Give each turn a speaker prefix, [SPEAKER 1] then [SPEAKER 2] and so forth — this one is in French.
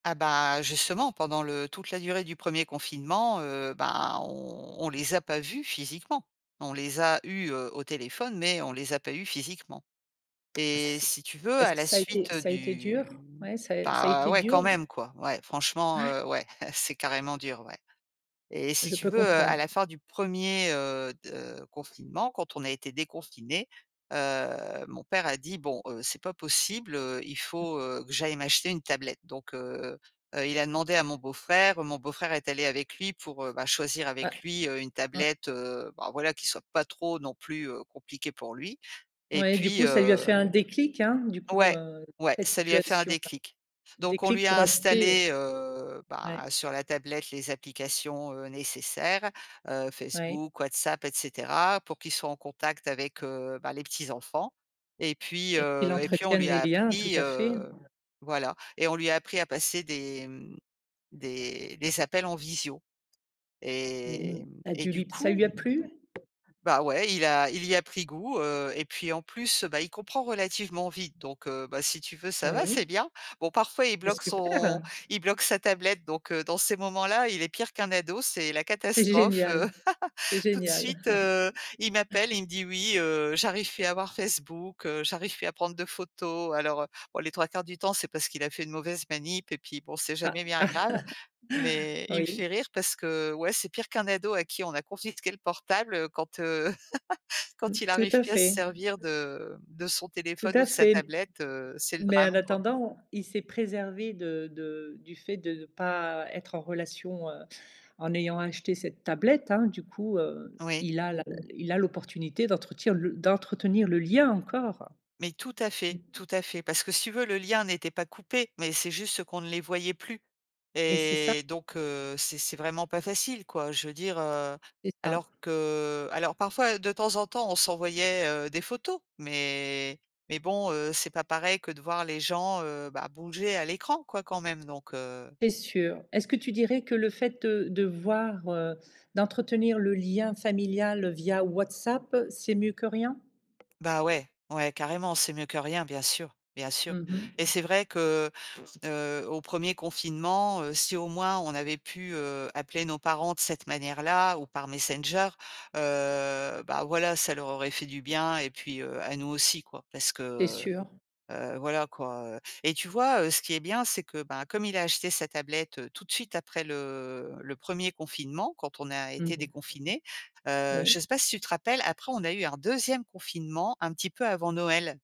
[SPEAKER 1] Ah bah, justement, pendant le toute la durée du 1er confinement, heu, bah on on les a pas vus physiquement. On les a eus, heu, au téléphone mais on les a pas eus physiquement
[SPEAKER 2] Ah ça
[SPEAKER 1] et
[SPEAKER 2] s s s
[SPEAKER 1] si tu veux,
[SPEAKER 2] est-ce
[SPEAKER 1] à
[SPEAKER 2] que
[SPEAKER 1] la
[SPEAKER 2] ça été
[SPEAKER 1] suite
[SPEAKER 2] ça été dur?
[SPEAKER 1] du
[SPEAKER 2] Ouais, ça ça a
[SPEAKER 1] bah
[SPEAKER 2] été
[SPEAKER 1] ouais, quand
[SPEAKER 2] dur s
[SPEAKER 1] même quoi. Ouais, franchement,
[SPEAKER 2] Ouais.
[SPEAKER 1] heu, ouais, c'est carrément dur, ouais et si
[SPEAKER 2] Je
[SPEAKER 1] tu
[SPEAKER 2] peux
[SPEAKER 1] veux, à la
[SPEAKER 2] comprendre.
[SPEAKER 1] fin du 1er, heu, de confinement, quand on a été déconfinés, heu, mon père a dit: «Bon, heu, c'est pas possible, heu, il faut, heu, que j'aille m'acheter une tablette» donc heu, heu, il a demandé à mon beau-frère. Mon beau-frère est allé avec lui pour, heu bah, choisir
[SPEAKER 2] Ouais.
[SPEAKER 1] avec lui, heu, une
[SPEAKER 2] Mmh.
[SPEAKER 1] tablette, heu bah, voilà, qui soit pas trop non plus, heu, compliquée pour lui et
[SPEAKER 2] Oui, du
[SPEAKER 1] puis,
[SPEAKER 2] coup ça lui a fait
[SPEAKER 1] hem
[SPEAKER 2] un déclic, hein. Du coup
[SPEAKER 1] ouais,
[SPEAKER 2] heu,
[SPEAKER 1] ouais,
[SPEAKER 2] cette
[SPEAKER 1] ça lui a fait un
[SPEAKER 2] situation-là.
[SPEAKER 1] déclic. Donc on
[SPEAKER 2] Déclic
[SPEAKER 1] lui
[SPEAKER 2] pour
[SPEAKER 1] a
[SPEAKER 2] acheter.
[SPEAKER 1] installé, heu,
[SPEAKER 2] Ouais.
[SPEAKER 1] bah, sur la tablette les applications, heu, nécessaires, heu,
[SPEAKER 2] Oui.
[SPEAKER 1] Facebook, WhatsApp et cetera, pour qu'il soit en contact avec, heu bah, les petits enfants et puis,
[SPEAKER 2] Et qu'il
[SPEAKER 1] heu et puis on
[SPEAKER 2] entretienne
[SPEAKER 1] lui
[SPEAKER 2] les
[SPEAKER 1] a
[SPEAKER 2] liens, tout
[SPEAKER 1] appris,
[SPEAKER 2] à fait.
[SPEAKER 1] heu, voilà et on lui a appris à passer des, mmh, des des appels en visio
[SPEAKER 2] Mmh mh,
[SPEAKER 1] et mmh
[SPEAKER 2] ça
[SPEAKER 1] et
[SPEAKER 2] dû
[SPEAKER 1] du
[SPEAKER 2] lui p ça lui
[SPEAKER 1] coup
[SPEAKER 2] a plu?
[SPEAKER 1] bah ouais, il a il y a pris goût, heu et puis en plus, bah il comprend relativement vite donc heu bah, si tu veux, ça va,
[SPEAKER 2] Oui.
[SPEAKER 1] c'est bien. Bon, parfois, il
[SPEAKER 2] C'est
[SPEAKER 1] bloque
[SPEAKER 2] super.
[SPEAKER 1] son il bloque sa tablette, donc heu, dans ces moments-là, il est pire qu'un ado. C'est la
[SPEAKER 2] C'est
[SPEAKER 1] catastrophe, heu,
[SPEAKER 2] génial. C'est
[SPEAKER 1] tout de
[SPEAKER 2] génial.
[SPEAKER 1] suite, heu, il m'appelle, il me dit: «Oui, heu, j'arrive pu à avoir Facebook, heu, j'arrive pu à prendre de photos» alors, heu, bon les 3/4 du temps, c'est parce qu'il a fait une mauvaise manip et puis bon, c'est
[SPEAKER 2] Ah.
[SPEAKER 1] jamais bien grave mais il me
[SPEAKER 2] Oui.
[SPEAKER 1] fait rire parce que ouais, c'est pire qu'un ado à qui on a confisqué le portable quand, heu,
[SPEAKER 2] Mmh,
[SPEAKER 1] quand il
[SPEAKER 2] tout
[SPEAKER 1] arrive
[SPEAKER 2] à
[SPEAKER 1] plus à se
[SPEAKER 2] fait.
[SPEAKER 1] servir de de son
[SPEAKER 2] Tout
[SPEAKER 1] téléphone ou
[SPEAKER 2] à
[SPEAKER 1] de sa
[SPEAKER 2] fait
[SPEAKER 1] tablette, heu, c'est le
[SPEAKER 2] mais en
[SPEAKER 1] drame quoi.
[SPEAKER 2] attendant, il s'est préservé de de du fait de ne pas être en relation, heu, en ayant acheté cette tablette, hein. Du coup heu,
[SPEAKER 1] Oui.
[SPEAKER 2] il a la il a l'opportunité d'entretenir d'entretenir le lien encore.
[SPEAKER 1] Mais tout à
[SPEAKER 2] Mmh
[SPEAKER 1] fait,
[SPEAKER 2] mh.
[SPEAKER 1] tout à
[SPEAKER 2] Mmh.
[SPEAKER 1] fait. Parce que si tu veux, le lien n'était pas coupé mais c'est juste qu'on ne les voyait plus
[SPEAKER 2] Et c'est ça.
[SPEAKER 1] et donc heu, c'est c'est vraiment pas facile quoi. Je veux dire, heu,
[SPEAKER 2] C'est ça.
[SPEAKER 1] alors que, alors parfois de temps en temps on s'envoyait, heu, des photos mais mais bon, heu, c'est pas pareil que de voir les gens, heu bah, bouger à l'écran quoi quand même, donc, heu
[SPEAKER 2] C'est sûr. Est-ce que tu dirais que le fait de de voir, heu, d'entretenir le lien familial via WhatsApp, c'est mieux que rien?
[SPEAKER 1] Bah ouais, ouais carrément, c'est mieux que rien, bien sûr, bien sûr
[SPEAKER 2] Mmh mh.
[SPEAKER 1] et c'est vrai que, heu, au 1er confinement, si au moins on avait pu, heu, appeler nos parents de cette manière-là ou par Messenger, heu bah, voilà, ça leur aurait fait du bien et puis, heu, à nous aussi quoi. Parce que,
[SPEAKER 2] Tu es
[SPEAKER 1] heu,
[SPEAKER 2] sûre?
[SPEAKER 1] heu, voilà quoi, heu et tu vois, heu, ce qui est bien, c'est que bah, comme il a acheté sa tablette tout de suite après le le 1er confinement, quand on a
[SPEAKER 2] Mmh
[SPEAKER 1] été
[SPEAKER 2] mh.
[SPEAKER 1] déconfinés, heu, je
[SPEAKER 2] Oui.
[SPEAKER 1] sais pas si tu te rappelles, après on a eu un 2ème confinement un petit peu avant Noël?